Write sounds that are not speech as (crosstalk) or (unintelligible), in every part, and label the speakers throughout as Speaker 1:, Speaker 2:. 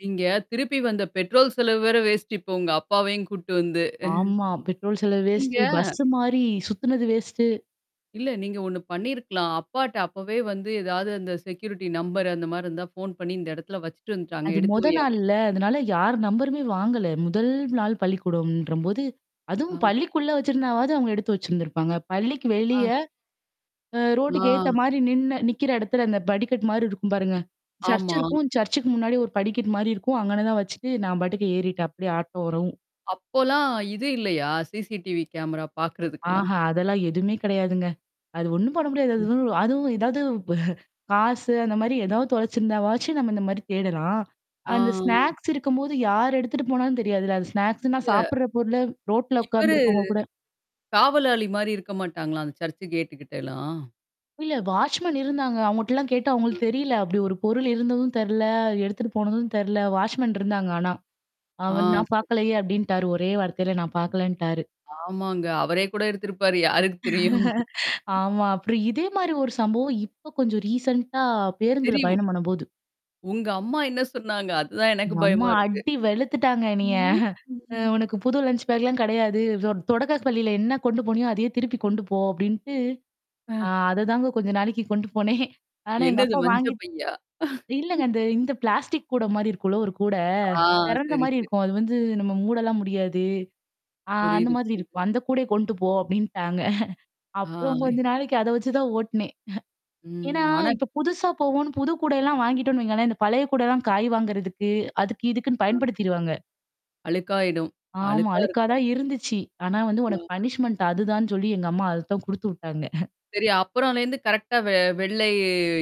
Speaker 1: நீங்க திருப்பி வந்த பெட்ரோல் செலவு வேற வேஸ்ட் இப்ப உங்கப்பாவையும் கூட்டு வந்து.
Speaker 2: ஆமா. பெட்ரோல்
Speaker 1: (chuckles)
Speaker 2: செலவு
Speaker 1: நீங்க
Speaker 2: வேஸ்ட்டு, பஸ்ஸு மாறி சுத்துனது வேஸ்ட்டு.
Speaker 1: இல்ல, நீங்க ஒண்ணு பண்ணியிருக்கலாம். அப்பாட்ட அப்பவே வந்து ஏதாது அந்த செக்யூரிட்டி நம்பர் அந்த மாரி இருந்தா ஃபோன் பண்ணி இந்த இடத்துல வச்சுட்டு வந்துட்டாங்க.
Speaker 2: அது
Speaker 1: எடுத்து
Speaker 2: மொத
Speaker 1: வை அப்
Speaker 2: நாள்ல. அதனால யார் நம்பருமே வாங்கல. 1 ல் நாள் பள்ளிக்கூடம்ன்றபோது, அதுவும்
Speaker 1: அ.
Speaker 2: பள்ளிக்குள்ள வச்சிருந்தாவது அவுங்க எடுத்து வச்சிருந்திருப்பாங்க. பள்ளிக்கு வெளிய
Speaker 1: ஆ.
Speaker 2: அ ரோட்டுக்கு எதுத்த
Speaker 1: ஆ.
Speaker 2: மாரி நின்னு நிக்கிற இடத்துல அந்த படிகட் மாரி இருக்கும் பாருங்க. சர்ச்
Speaker 1: ஆமா.
Speaker 2: இருக்கும். சர்ச்சுக்கு முன்னாடி ஒரு படிக்கட் மாரி இருக்கும். அங்கன தான் வச்சுட்டு நான் பாட்டுக்கு ஏறிட்டேன். அப்டியே ஆட்டோ வரவும்.
Speaker 1: அப்போலாம் இது இல்லையா? சிசிடிவி கேமரா பார்க்கறதுக்கெல்லாம்?
Speaker 2: ஆஹா! அதெல்லாம் எதுமே கெடையாதுங்க. அது ஒண்ணும் பண்ண முடியாது.
Speaker 1: ம்.
Speaker 2: அதுவும் அதுவும் ஏதாவது (chuckles) ப காசு அந்த மாரி ஏதாவது தொழச்சிருந்தா வாச்சி நம்ம இந்த மாரி தேடலாம். அந்த
Speaker 1: ஆ.
Speaker 2: ஸ்நாக்ஸ் இருக்கும்போது யார் எடுத்துட்டு போனாலும் தெரியாதுல்ல. அந்த ஸ்நாக்ஸ்ன்னா
Speaker 1: இத
Speaker 2: சாப்படுற பொருள ரோட்ல
Speaker 1: இவ்வரு
Speaker 2: உட்கார்ந்துருக்கவங்க கூட.
Speaker 1: காவலாளி மாரி இருக்க மாட்டாங்களா? அந்த சர்ச்சு கேட்டு கிட்டலாம்?
Speaker 2: இல்ல வாச்மேன் இருந்தாங்க. அவங்கட்டலாம் கேட்டா அவங்களுக்கு தெரியல. அப்டி ஒரு பொருள் இருந்ததும் தெர்ல. எடுத்துட்டு போனதும் தெர்ல. வாச்மேன் இருந்தாங்க. ஆனா.
Speaker 1: ஆ
Speaker 2: அவன் நான்
Speaker 1: சரி.
Speaker 2: பார்கலயே அப்டின்ட்டாரு. ஒரே வார்த்தையில நான் பார்கலன்ட்டாரு.
Speaker 1: ஆமாங்க. அவரே கூட எடுத்திருப்பாரு. யாருக்கு தெரியும்?
Speaker 2: (chuckles) ஆமா. அப்புறம் இதே
Speaker 1: (chuckles)
Speaker 2: மாரி ஒரு சம்பவம் இப்ப கொஞ்சம் ரீசென்ண்டா பேருந்துல
Speaker 1: தெரியும்.
Speaker 2: பயணம் பண்ணபோது.
Speaker 1: உங்கம்மா என்ன சொன்னாங்க? அதான் எனக்கு
Speaker 2: எங்கம்மா
Speaker 1: பயமா இருக்கு.
Speaker 2: அடி வெளுத்துட்டாங்க என்னிய?
Speaker 1: ம்.
Speaker 2: (chuckles) அ
Speaker 1: (unintelligible)
Speaker 2: உனக்கு புது லஞ்ச பேக்லாம் கெடையாது. தொடக்க பள்ளியில என்ன கொண்டு போனியோ, அதையே திருப்பி கொண்டு போ அப்டின்ட்டு. ஆ
Speaker 1: ஆ.
Speaker 2: அதுதாங்க கொஞ்சம் நாளைக்கு கொண்டு (chuckles) போனேன். ஆனா
Speaker 1: என்னது
Speaker 2: எங்கப்பா
Speaker 1: மஞ்ச
Speaker 2: வாங்கி
Speaker 1: பையா?
Speaker 2: இல்லங்க
Speaker 1: (chuckles)
Speaker 2: அ இந்த இந்த பிளாஸ்டிக் கூட மாரி இருக்கும்ல ஒரு கூட.
Speaker 1: ஆ,
Speaker 2: தெறந்த
Speaker 1: சரி
Speaker 2: மாரி
Speaker 1: சரி.
Speaker 2: இருக்கும். அது வந்து நம்ம மூடலாம் முடியாது. ஆ அந்த
Speaker 1: புரியுது
Speaker 2: மாதிரி
Speaker 1: புரிது.
Speaker 2: இருக்கும். அந்த கூடயே கொண்டு போ அப்டின்ட்டாங்க. அப்புறம் கொஞ்ச
Speaker 1: ஆய்.
Speaker 2: நாளைக்கு அத வச்சு தான் ஓட்டுனேன். ஏன்னா,
Speaker 1: ம். ஆனாக்
Speaker 2: இப்ப புதுசா போவோம்ன்னு, புது கூடல்லாம் வாங்கிட்டோன்னு வைங்களேன், இந்த பழைய கூடல்லாம் காய் வாங்குறதுக்கு, அதுக்கு இதுக்குன்னு
Speaker 1: ஆ.
Speaker 2: பயன்படுத்திருவாங்க.
Speaker 1: அழுக்காயிடும்.
Speaker 2: ஆமா.
Speaker 1: அழுக்கா
Speaker 2: அழுக்கா
Speaker 1: இருக்கும்
Speaker 2: தான் இருந்துச்சி. ஆனா வந்து உனக்கு
Speaker 1: அ.
Speaker 2: பனிஷ்மென்ட் அதுதான்னு சொல்லி எங்கம்மா அது தான் குடுத்து விட்டாங்க.
Speaker 1: சரி அப்புறலருந்து கரெக்ட்டா வெ வெள்ளை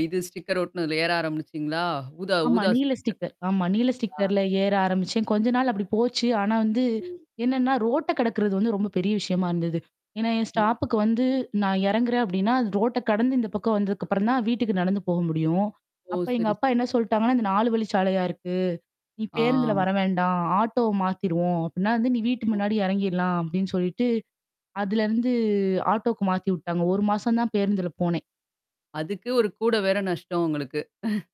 Speaker 1: இது ஸ்டிக்கர் ஒட்டுனதுல ஏற ஆரம்பிச்சீங்களா? ஊதா
Speaker 2: ஆமா.
Speaker 1: ஊதா
Speaker 2: நீல
Speaker 1: ஸ்டிக்கர்
Speaker 2: ஸ்டிக்கர் ஆமா. நீல
Speaker 1: ஆ.
Speaker 2: ஸ்டிக்கர்ல ஏற ஆரம்பிச்சேன். கொஞ்ச நாள் அப்டி போச்சு. ஆனா வந்து
Speaker 1: ம்.
Speaker 2: என்னன்னா, ரோட்ட கடக்குறது வந்து ரொம்ப பெரிய விஷயமா இருந்தது. ஏன்னா, என் ஸ்டாப்புக்கு வந்து நான் இறங்குறேன் அப்டின்னா, அது ரோட்ட கடந்து இந்த பக்கம் வந்ததுக்குப்புறம் தான் வீட்டுக்கு நடந்து போக முடியும்.
Speaker 1: ஓ!
Speaker 2: அப்ப
Speaker 1: சரி
Speaker 2: எங்கப்பா
Speaker 1: சரி.
Speaker 2: என்ன சொல்ட்டாங்கன்னா, இந்த 4 வழிச்சாலையா இருக்கு. நீ
Speaker 1: ஆ.
Speaker 2: பேருந்துல வர வேண்டாம். ஆட்டோ மாத்திருவோம். அப்டின்னா வந்து நீ வீட்டுக்கு முன்னாடி எறங்கிறலாம் அப்டின்னு சொல்லிட்டு. அதுலருந்து ஆட்டோக்கு மாத்தி விட்டாங்க. 1 மாசம் தான் பேருந்துல போனேன்.
Speaker 1: அதுக்கு ஒரு கூட வேற நஷ்டம் உங்களுக்கு. (chuckles)